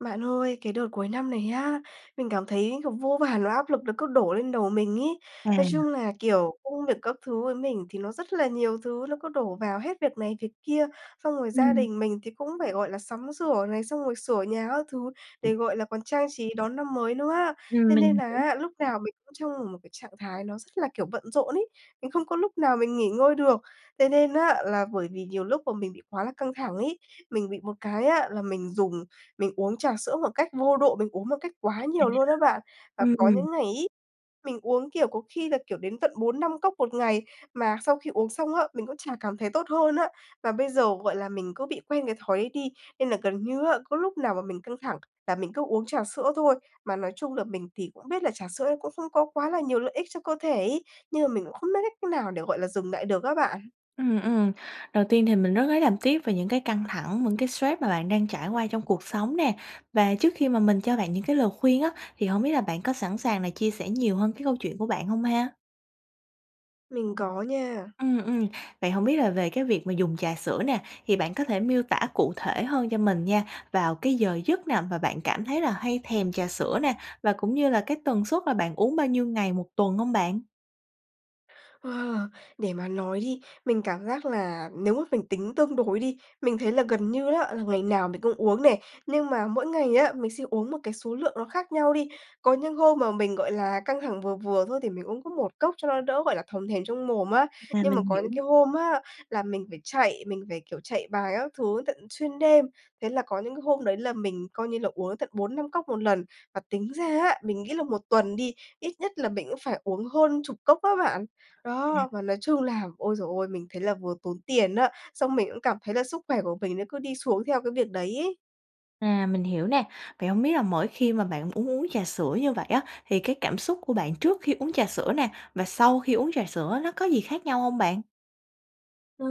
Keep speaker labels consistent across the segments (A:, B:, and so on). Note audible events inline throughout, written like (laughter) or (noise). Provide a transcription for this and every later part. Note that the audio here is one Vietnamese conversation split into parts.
A: Bạn ơi, cái đợt cuối năm này á, mình cảm thấy, kiểu, vô vàn nỗi áp lực nó cứ đổ lên đầu mình ấy, nói
B: À.
A: chung là, kiểu, công việc các thứ với mình thì nó rất là nhiều thứ, nó cứ đổ vào hết việc này, việc kia, xong rồi gia
B: Ừm.
A: đình mình thì cũng phải, gọi là, sắm sửa này, xong rồi sửa nhà các thứ để, gọi là, còn trang trí đón năm mới nữa á,
B: Ừm,
A: thế nên
B: mình
A: là
B: hiểu.
A: á, lúc nào mình cũng trong một một cái trạng thái nó rất là, kiểu, bận rộn ấy, mình không có lúc nào mình nghỉ ngơi được. Thế nên á, là bởi vì nhiều lúc bọn mình bị quá là căng thẳng ấy, mình bị một cái á là mình dùng mình uống trà sữa một cách vô độ, mình uống một cách quá
B: À.
A: nhiều luôn á bạn và
B: Ừm,
A: có
B: ừm.
A: những ngày ấy, mình uống, kiểu, có khi là, kiểu, đến tận 4-5 cốc 1 ngày, mà sau khi uống xong á, mình cũng chả cảm thấy tốt hơn á. Và bây giờ, gọi là, mình cứ bị quen cái thói ấy đi nên là gần như á, có lúc nào mà mình căng thẳng là mình cứ uống trà sữa thôi. Mà nói chung là mình thì cũng biết là trà sữa ấy cũng không có quá là nhiều lợi ích cho cơ thể ấy, nhưng mà mình cũng không biết cách nào để, gọi là, dừng lại được á bạn.
B: Ừm, ừm, đầu tiên thì mình rất lấy làm tiếc về những cái căng thẳng, những cái stress mà bạn đang trải qua trong cuộc sống nè, và trước khi mà mình cho bạn những cái lời khuyên á, thì hổng biết là bạn có sẵn sàng là chia sẻ nhiều hơn cái câu chuyện của bạn hông ha?
A: Mình có nha.
B: Ừm, ừm. Vậy hông biết là về cái việc mà dùng trà sữa nè, thì bạn có thể miêu tả cụ thể hơn cho mình nha, vào cái giờ giấc nào mà bạn cảm thấy là hay thèm trà sữa nè, và cũng như là cái tần suất là bạn uống bao nhiêu ngày 1 tuần hông bạn?
A: Wow! Để mà nói đi, mình cảm giác là nếu mà mình tính tương đối đi, mình thấy là gần như á, là ngày nào mình cũng uống nè, nhưng mà mỗi ngày á, mình sẽ uống một cái số lượng nó khác nhau đi. Có những hôm mà mình, gọi là, căng thẳng vừa vừa thôi, thì mình uống có 1 cốc cho nó đỡ, gọi là, thòm thèm trong mồm á.
B: À,
A: Nhưng mà
B: mình
A: có
B: hiểu.
A: những cái hôm á, là mình phải chạy, mình phải, kiểu, chạy bài các thứ tận xuyên đêm, thế là có những cái hôm đấy là mình coi như là uống đến tận 4-5 cốc 1 lần. Và tính ra á, mình nghĩ là 1 tuần đi, ít nhất là mình cũng phải uống hơn chục cốc á bạn. Đó, và nói chung là, ôi giời ơi, mình thấy là vừa tốn tiền á, xong mình cũng cảm thấy là sức khỏe của mình nó cứ đi xuống theo cái việc đấy ấy.
B: À, mình hiểu nè. Vậy hổng biết là mỗi khi mà bạn uống uống trà sữa như vậy á, thì cái cảm xúc của bạn trước khi uống trà sữa nè, và sau khi uống trà sữa nó có gì khác nhau hông bạn?
A: Ờ,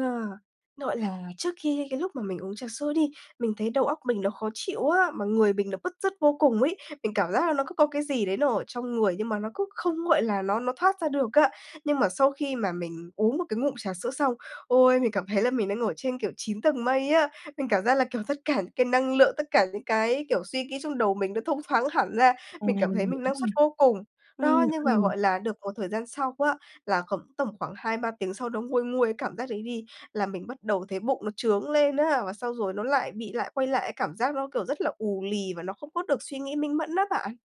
A: gọi là, trước khi cái lúc mà mình uống trà sữa đi, mình thấy đầu óc mình nó khó chịu á, mà người mình nó bứt rứt vô cùng ấy. Mình cảm giác là nó cứ có cái gì đấy nó ở trong người nhưng mà nó cứ không, gọi là, nó nó thoát ra được á. Nhưng mà sau khi mà mình uống một cái ngụm trà sữa xong, ôi, mình cảm thấy là mình đang ở trên, kiểu, 9 tầng mây á! Mình cảm giác là, kiểu, rất cả những cái năng lượng, tất cả những cái, kiểu, suy nghĩ trong đầu mình nó thông thoáng hẳn ra.
B: À,
A: Mình cảm
B: mình
A: thấy
B: hiểu
A: mình năng
B: nè.
A: suất vô cùng. Đó.
B: Ừm,
A: Nhưng mà,
B: ừm.
A: gọi là, được một thời gian sau á, là khoảng tầm khoảng 2-3 tiếng sau nó nguôi nguôi cái cảm giác đấy đi, là mình bắt đầu thấy bụng nó chướng lên á. Và xong rồi nó lại bị lại quay lại cái cảm giác nó, kiểu, rất là ù lì và nó không có được suy nghĩ minh mẫn á bạn.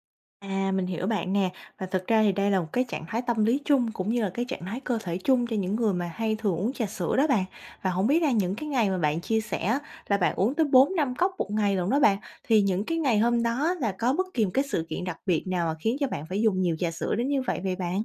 B: À, mình hiểu bạn nè. Và thực ra thì đây là một cái trạng thái tâm lý chung cũng như là cái trạng thái cơ thể chung cho những người mà hay thường uống trà sữa đó bạn. Và hổng biết là những cái ngày mà bạn chia sẻ á, là bạn uống tới 4-5 cốc một ngày lận đó bạn, thì những cái ngày hôm đó là có bất kỳ một cái sự kiện đặc biệt nào mà khiến cho bạn phải dùng nhiều trà sữa đến như vậy, vậy bạn?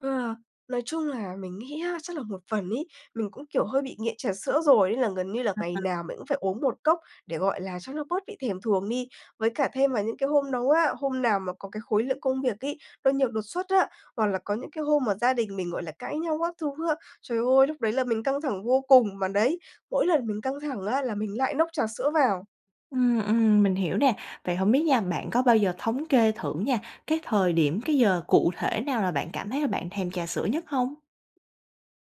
A: Ừ, nói chung là mình nghĩ á, chắc là một phần ấy, mình cũng, kiểu, hơi bị nghiện trà sữa rồi nên là gần như là ngày
B: (unintelligible)
A: nào mình cũng phải uống một cốc để, gọi là, cho nó bớt bị thèm thuồng đi. Với cả thêm vào những cái hôm nấu á hôm nào mà có cái khối lượng công việc ấy, nó nhiều đột xuất á, hoặc là có những cái hôm mà gia đình mình, gọi là, cãi nhau các thứ á, trời ơi! Lúc đấy là mình căng thẳng vô cùng, mà đấy, mỗi lần mình căng thẳng á là mình lại nốc trà sữa vào.
B: Ừm, ừm, mình hiểu nè. Vậy hổng biết nha, bạn có bao giờ thống kê thử nha, cái thời điểm, cái giờ cụ thể nào là bạn cảm thấy là bạn thèm trà sữa nhất hông?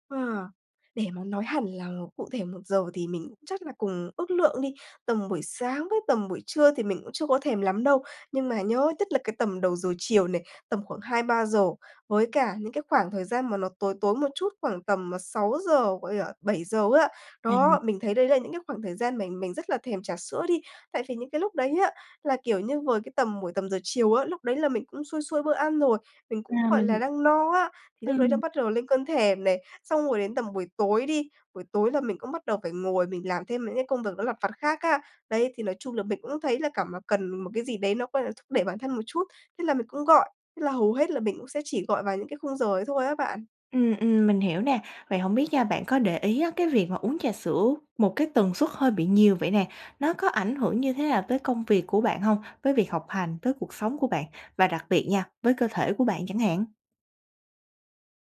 A: Ờ, để mà nói hẳn là cụ thể 1 giờ thì mình cũng chắc là cùng ước lượng đi, tầm buổi sáng với tầm buổi trưa thì mình cũng chưa có thèm lắm đâu. Nhưng mà nhớ nhất là cái tầm đầu giờ chiều này, tầm khoảng 2:00-3:00 với cả những cái khoảng thời gian mà nó tối tối một chút, khoảng tầm 6:00, gọi là, 7:00 á.
B: À.
A: Đó, mình thấy đấy là những cái khoảng thời gian mình mình rất là thèm trà sữa đi. Tại vì những cái lúc đấy á, là, kiểu như, vừa cái tầm buổi tầm giờ chiều á, lúc đấy là mình cũng xuôi xuôi bữa ăn rồi, mình cũng,
B: À,
A: gọi là,
B: mình
A: đang no á, thì lúc đấy nó
B: ừm.
A: bắt đầu lên cơn thèm nè. Xong rồi đến tầm buổi tối đi, buổi tối là mình cũng bắt đầu phải ngồi mình làm thêm mấy cái công việc nó lặt vặt khác á. Đấy, thì nói chung là mình cũng thấy là cảm mà cần một cái gì đấy, nó, gọi là, thúc đẩy bản thân một chút, thế là mình cũng gọi. Thế là hầu hết là mình cũng sẽ chỉ gọi vào những cái khung giờ ấy thôi á bạn.
B: Ừm, ừm, mình hiểu nè. Vậy hổng biết nha, bạn có để ý á, cái việc mà uống trà sữa một cái tần suất hơi bị nhiều vậy nè, nó có ảnh hưởng như thế nào tới công việc của bạn hông? Với việc học hành, tới cuộc sống của bạn và đặc biệt nha, với cơ thể của bạn chẳng hạn.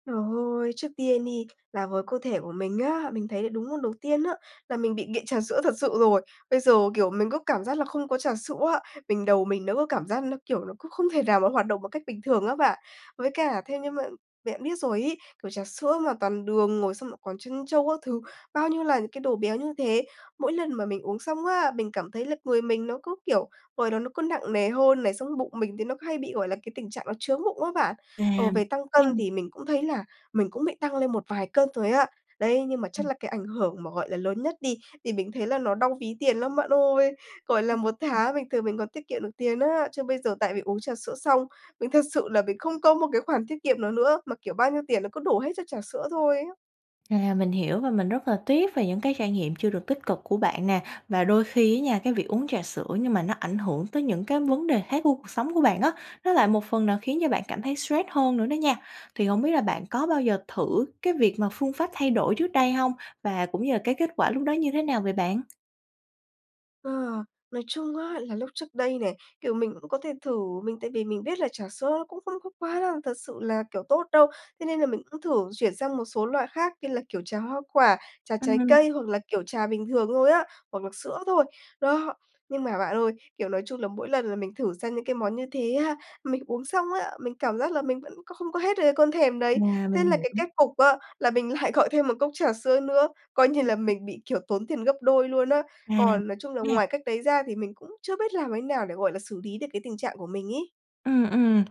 A: Trời ơi! Trước tiên đi là với cơ thể của mình á, mình thấy là đúng môn đầu tiên á, là mình bị nghiện trà sữa thật sự rồi. Bây giờ, kiểu, mình có cảm giác là không có trà sữa á, mình đầu mình nó có cảm giác nó, kiểu, nó cũng không thể nào mà nó hoạt động một cách bình thường á bạn. Với cả theo như mà bạn biết rồi ấy, kiểu, trà sữa mà toàn đường rồi xong lại còn trân châu các thứ, bao nhiêu là những cái đồ béo như thế. Mỗi lần mà mình uống xong á, mình cảm thấy là người mình nó cứ, kiểu, ngồi đó nó cứ nặng nề hơn này, xong cái bụng mình thì nó hay bị, gọi là, cái tình trạng nó chướng bụng á bạn. Ờ,
B: À,
A: về tăng cân
B: ừm.
A: thì mình cũng thấy là mình cũng bị tăng lên một vài cân rồi á. Đấy! Nhưng mà chắc
B: Ừm.
A: là cái ảnh hưởng mà, gọi là, lớn nhất đi, thì mình thấy là nó đau ví tiền lắm, bạn ơi. Gọi là,
B: Ừm,
A: 1
B: ừm.
A: tháng bình thường mình còn tiết kiệm được tiền á. Chứ bây giờ tại vì uống trà sữa xong, mình thật sự là mình không có một cái khoản tiết kiệm nào nữa mà, kiểu, bao nhiêu tiền nó cứ đổ hết cho trà sữa thôi á.
B: À, mình hiểu và mình rất là tiếc về những cái trải nghiệm chưa được tích cực của bạn nè. Và đôi khi á nha, cái việc uống trà sữa nhưng mà nó ảnh hưởng tới những cái vấn đề khác của cuộc sống của bạn á, nó lại một phần nào khiến cho bạn cảm thấy stress hơn nữa đó nha. Thì hổng biết là bạn có bao giờ thử cái việc mà phương pháp thay đổi trước đây hông? Và cũng như là cái kết quả lúc đó như thế nào vậy bạn?
A: Ờ, nói chung á là lúc trước đây này, kiểu, mình cũng có thể thử, mình tại vì mình biết là trà sữa cũng không có quá là, thật sự là, kiểu, tốt đâu, thế nên là mình cũng thử chuyển sang một số loại khác như là, kiểu, trà hoa quả, trà trái
B: Ừm.
A: cây, hoặc là, kiểu, trà bình thường thôi á, hoặc là sữa thôi. Đó, nhưng mà bạn ơi, kiểu, nói chung là mỗi lần là mình thử sang những cái món như thế há, mình uống xong á, mình cảm giác là mình vẫn có không có hết được cái cơn thèm đấy.
B: Mà mình
A: Thế là cái
B: hiểu.
A: kết cục á là mình lại gọi thêm 1 cốc trà sữa nữa, coi như
B: Ừm,
A: là
B: ừm.
A: mình bị, kiểu, tốn tiền gấp đôi luôn á.
B: À!
A: Còn nói chung là
B: Nha.
A: ngoài cách đấy ra thì mình cũng chưa biết làm thế nào để, gọi là, xử lý được cái tình trạng của mình ấy.
B: Ừm, ừm.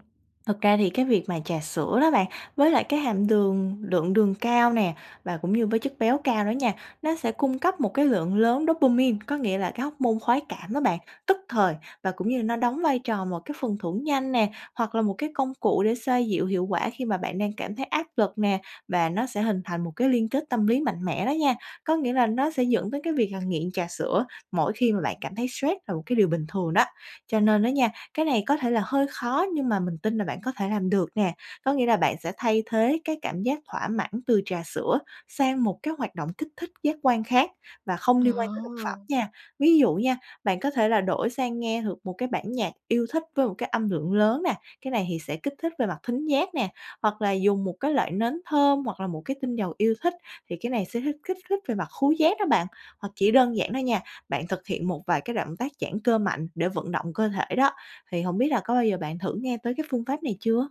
B: Thực ra thì cái việc mà trà sữa đó bạn, với lại cái hạm đường lượng đường cao nè, và cũng như với chất béo cao đó nha, nó sẽ cung cấp một cái lượng lớn dopamine, có nghĩa là cái hóc môn khoái cảm đó bạn, tức thời và cũng như là nó đóng vai trò một cái phần thưởng nhanh nè, hoặc là một cái công cụ để xoa dịu hiệu quả khi mà bạn đang cảm thấy áp lực nè, và nó sẽ hình thành một cái liên kết tâm lý mạnh mẽ đó nha, có nghĩa là nó sẽ dẫn tới cái việc là nghiện trà sữa mỗi khi mà bạn cảm thấy stress là một cái điều bình thường đó. Cho nên đó nha, cái này có thể là hơi khó nhưng mà mình tin là bạn có thể làm được nè, có nghĩa là bạn sẽ thay thế cái cảm giác thỏa mãn từ trà sữa sang một cái hoạt động kích thích giác quan khác và không liên quan tới thực phẩm
A: Ờ.
B: nha. Ví dụ nha, bạn có thể là đổi sang nghe được một cái bản nhạc yêu thích với một cái âm lượng lớn nè, cái này thì sẽ kích thích về mặt thính giác nè, hoặc là dùng một cái loại nến thơm, hoặc là một cái tinh dầu yêu thích, thì cái này sẽ hích kích thích về mặt khướu giác đó bạn. Hoặc chỉ đơn giản đó nha, bạn thực hiện một vài cái động tác giãn cơ mạnh để vận động cơ thể đó, thì hổng biết là có bao giờ bạn thử nghe tới cái phương pháp này chưa?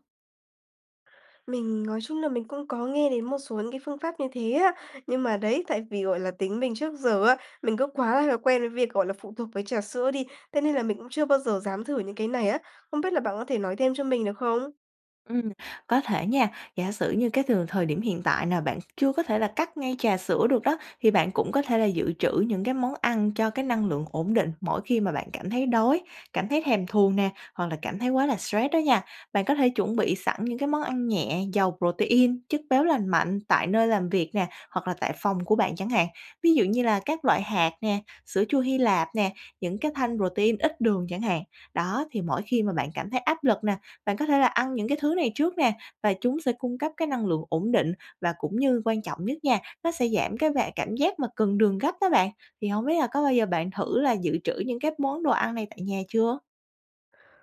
A: Mình nói chung là mình cũng có nghe đến một số những cái phương pháp như thế á. Nhưng mà đấy, tại vì, gọi là, tính mình trước giờ á, mình cứ quá là quen với việc, gọi là, phụ thuộc với trà sữa đi, thế nên là mình cũng chưa bao giờ dám thử những cái này á. Không biết là bạn có thể nói thêm cho mình được không?
B: Ừm, có thể nha, giả sử như cái từ thời điểm hiện tại nà bạn chưa có thể là cắt ngay trà sữa được đó, thì bạn cũng có thể là dự trữ những cái món ăn cho cái năng lượng ổn định mỗi khi mà bạn cảm thấy đói, cảm thấy thèm thuồng nè hoặc là cảm thấy quá là stress đó nha. Bạn có thể chuẩn bị sẵn những cái món ăn nhẹ, giàu protein, chất béo lành mạnh tại nơi làm việc nè, hoặc là tại phòng của bạn chẳng hạn. Ví dụ như là các loại hạt nè, sữa chua Hy Lạp nè, những cái thanh protein ít đường chẳng hạn. Đó, thì mỗi khi mà bạn cảm thấy áp lực nà, bạn có thể là ăn những cái thứ này trước nè và chúng sẽ cung cấp cái năng lượng ổn định, và cũng như quan trọng nhất nha, nó sẽ giảm cái và cảm giác mà cần đường gấp đó bạn. Thì hổng biết là có bao giờ bạn thử là dự trữ những cái món đồ ăn này tại nhà chưa?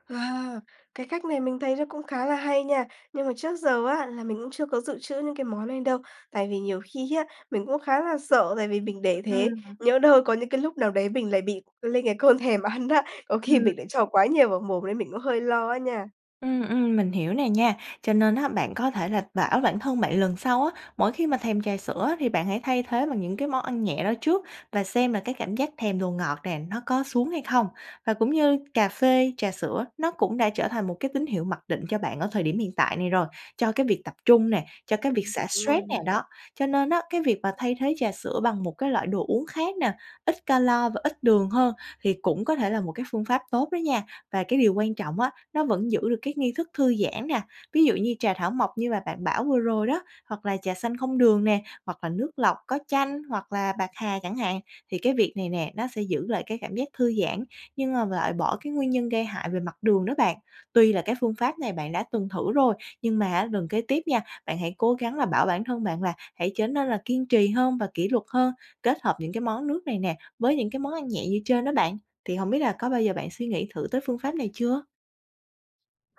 A: Wow! Cái cách này mình thấy nó cũng khá là hay nha. Nhưng mà trước giờ á là mình cũng chưa có dự trữ những cái món này đâu. Tại vì nhiều khi á mình cũng khá là sợ, tại vì mình để thế
B: Ừm.
A: nhỡ đâu có những cái lúc nào đấy mình lại bị lên cái cơn thèm ăn á, có khi
B: Ừm.
A: mình lại cho quá nhiều vào mồm nên mình cũng hơi lo á nha.
B: Ừm, ừm, mình hiểu nè nha. Cho nên á, bạn có thể là bảo bản thân bạn lần sau á, mỗi khi mà thèm trà sữa thì bạn hãy thay thế bằng những cái món ăn nhẹ đó trước và xem là cái cảm giác thèm đồ ngọt nè, nó có xuống hay không. Và cũng như cà phê, trà sữa, nó cũng đã trở thành một cái tín hiệu mặc định cho bạn ở thời điểm hiện tại này rồi, cho cái việc tập trung nè, cho cái việc
A: Ừm, thật
B: xả
A: luôn
B: stress
A: rồi
B: nè
A: này.
B: đó. Cho nên á, cái việc mà thay thế trà sữa bằng một cái loại đồ uống khác nè, ít calo và ít đường hơn thì cũng có thể là một cái phương pháp tốt đó nha. Và cái điều quan trọng á, nó vẫn giữ được cái nghi thức thư giãn nè. Ví dụ như trà thảo mộc như mà bạn bảo vừa rồi đó, hoặc là trà xanh không đường nè, hoặc là nước lọc có chanh, hoặc là bạc hà chẳng hạn. Thì cái việc này nè, nó sẽ giữ lại cái cảm giác thư giãn nhưng mà lại bỏ cái nguyên nhân gây hại về mặt đường đó bạn. Tuy là cái phương pháp này bạn đã từng thử rồi, nhưng mà á, gần kế tiếp nha, bạn hãy cố gắng là bảo bản thân bạn là hãy trở nên là kiên trì hơn và kỷ luật hơn, kết hợp những cái món nước này nè, với những cái món ăn nhẹ như trên đó bạn. Thì hổng biết là có bao giờ bạn suy nghĩ thử tới phương pháp này chưa?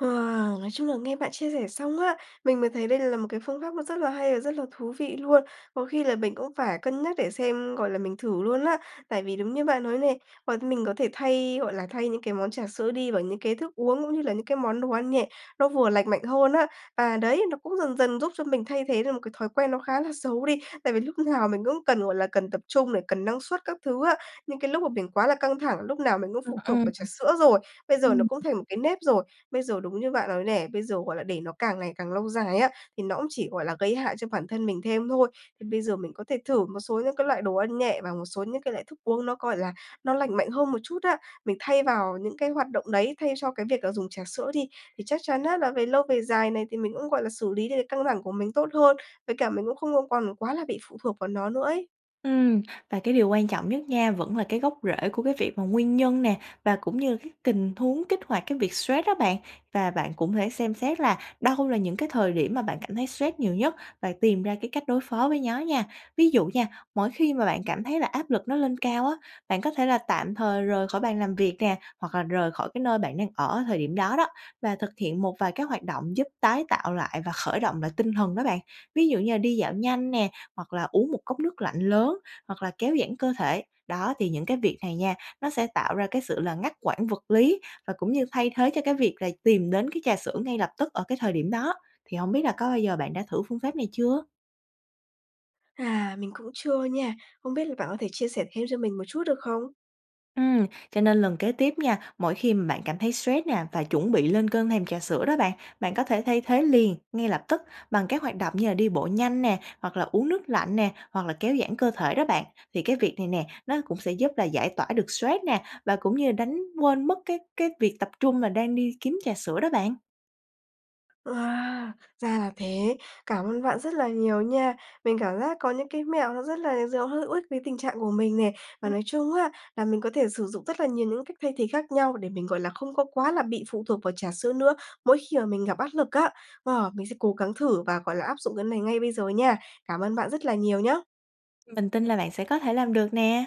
A: Wow! Nói chung là nghe bạn chia sẻ xong á, mình mới thấy đây là một cái phương pháp nó rất là hay và rất là thú vị luôn. Có khi là mình cũng phải cân nhắc để xem, gọi là, mình thử luôn á. Tại vì đúng như bạn nói này, mọi mình có thể thay, gọi là, thay những cái món trà sữa đi vào những cái thức uống cũng như là những cái món đồ ăn nhẹ, nó vừa lành mạnh hơn á. Và đấy, nó cũng dần dần giúp cho mình thay thế được một cái thói quen nó khá là xấu đi tại vì lúc nào mình cũng cần, gọi là, cần tập trung để cần năng suất các thứ á. Nhưng cái lúc mà mình quá là căng thẳng, lúc nào mình cũng
B: Ừm,
A: phụ thuộc
B: ừm.
A: vào trà sữa rồi, bây giờ nó
B: Ừm.
A: cũng thành một cái nếp rồi. Bây giờ đúng như bạn nói nè, bây giờ, gọi là, để nó càng ngày càng lâu dài á, thì nó cũng chỉ, gọi là, gây hại cho bản thân mình thêm thôi. Thì bây giờ mình có thể thử một số những cái loại đồ ăn nhẹ và một số những cái loại thức uống nó, gọi là, nó lành mạnh hơn một chút á. Mình thay vào những cái hoạt động đấy, thay cho cái việc là dùng trà sữa đi thì chắc chắn á, là về lâu về dài này, thì mình cũng, gọi là, xử lý được căng thẳng của mình tốt hơn. Với cả mình cũng không có còn quá là bị phụ thuộc vào nó nữa ấy.
B: Ừm. Và cái điều quan trọng nhất nha, vẫn là cái gốc rễ của cái việc mà nguyên nhân nè, và cũng như là các kình huống kích hoạt cái việc stress đó bạn. Và bạn cũng thể xem xét là đâu là những cái thời điểm mà bạn cảm thấy stress nhiều nhất, bạn tìm ra cái cách đối phó với nhó nha. Ví dụ nha, mỗi khi mà bạn cảm thấy là áp lực nó lên cao á, bạn có thể là tạm thời rời khỏi bàn làm việc nè, hoặc là rời khỏi cái nơi bạn đang ở thời điểm đó đó và thực hiện một vài cái hoạt động giúp tái tạo lại và khởi động lại tinh thần đó bạn. Ví dụ như là đi dạo nhanh nè, hoặc là uống một cốc nước lạnh lớn, hoặc là kéo giãn cơ thể. Đó, thì những cái việc này nha, nó sẽ tạo ra cái sự là ngắt quãng vật lý và cũng như thay thế cho cái việc là tìm đến cái trà sữa ngay lập tức ở cái thời điểm đó. Thì hổng biết là có bao giờ bạn đã thử phương pháp này chưa?
A: À, mình cũng chưa nha. Không biết là bạn có thể chia sẻ thêm cho mình một chút được không?
B: Ừm, cho nên lần kế tiếp nha, mỗi khi bạn cảm thấy stress nè và chuẩn bị lên cơn thèm trà sữa đó bạn, bạn có thể thay thế liền, ngay lập tức bằng cái hoạt động như là đi bộ nhanh nè, hoặc là uống nước lạnh nè, hoặc là kéo giãn cơ thể đó bạn. Thì cái việc này nè, nó cũng sẽ giúp là giải tỏa được stress nè, và cũng như là đánh quên mất cái cái việc tập trung là đang đi kiếm trà sữa đó bạn.
A: Wow, ra là thế! Cảm ơn bạn rất là nhiều nha. Mình cảm giác có những cái mẹo nó rất là giờ hữu ích với tình trạng của mình nè. Và nói chung á, là mình có thể sử dụng rất là nhiều những cách thay thế khác nhau, để mình, gọi là, không có quá là bị phụ thuộc vào trà sữa nữa mỗi khi mà mình gặp áp lực á. Wow, mình sẽ cố gắng thử và, gọi là, áp dụng cái này ngay bây giờ nha. Cảm ơn bạn rất là nhiều nhá.
B: Mình tin là bạn sẽ có thể làm được nè!